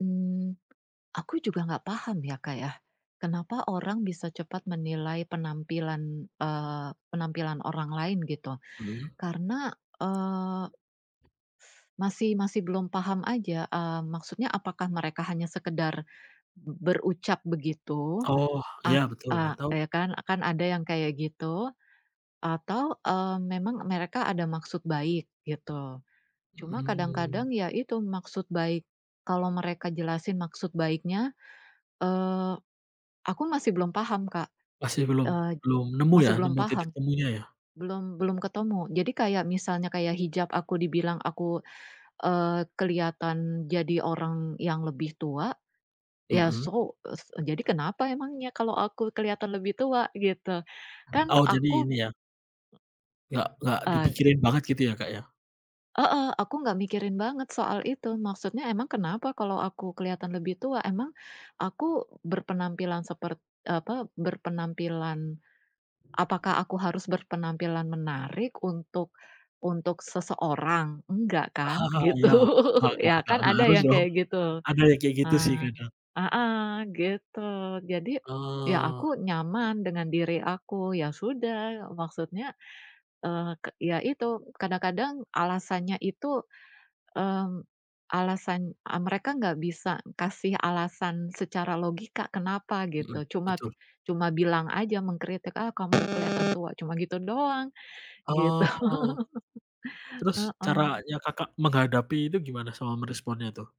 Mmm. Aku juga ga paham ya, Kak ya. Kenapa orang bisa cepat menilai penampilan, eee, penampilan orang lain gitu. Mmm. Karena, eee masih masih belum paham aja, mmm, maksudnya apakah mereka hanya sekedar, b berucap begitu. Oh ya Ap betul, a atau ya kan? Kan ada yang kayak gitu. Atau, eee, memang mereka ada maksud baik gitu. Cuma kadang-kadang Mmm. ya itu maksud baik kalau mereka jelasin maksud baiknya, eee, aku masih belum paham Kak, Masih belum eee, belum nemu ya, masih belum nemu titik paham, temunya ya? belum belum ketemu. Jadi kayak misalnya, kayak hijab aku dibilang aku, eee, keliatan jadi orang yang lebih tua. Ya Mmm. so es eee, jadi kenapa emangnya kalo aku keliatan lebih tua? Gitu. Kan Oh jadi aku ini ya. Nggak nggak Eee. dipikirin banget gitu ya Kak ya? Heeh, aku ga mikirin banget soal itu. Maksudnya emang kenapa kalo aku keliatan lebih tua? Emang, aku berpenampilan sepert apa, berpenampilan apakah aku harus berpenampilan menarik untuk untuk seseorang? Enggak kan? Gitu. Ya, gak gak Ya gak kan gak ada harus yang dong. kayak gitu. Ada yang kayak gitu sih Nah kadang. heeh, gitu. Jadi, ya aku Ah. nyaman dengan diri aku. Ya sudah maksudnya, eee, ke ya itu, kadang-kadang alasannya itu, mmm, alasan, eee, mereka ga bisa kasih alasan secara logika kenapa Mhm, gitu, cuma betul. cuma bilang aja, mengkritik ah kamu keliatan tua, cuma gitu doang. Gitu. Oh. Terus Heeh. caranya Kakak menghadapi itu gimana sama meresponnya tuh?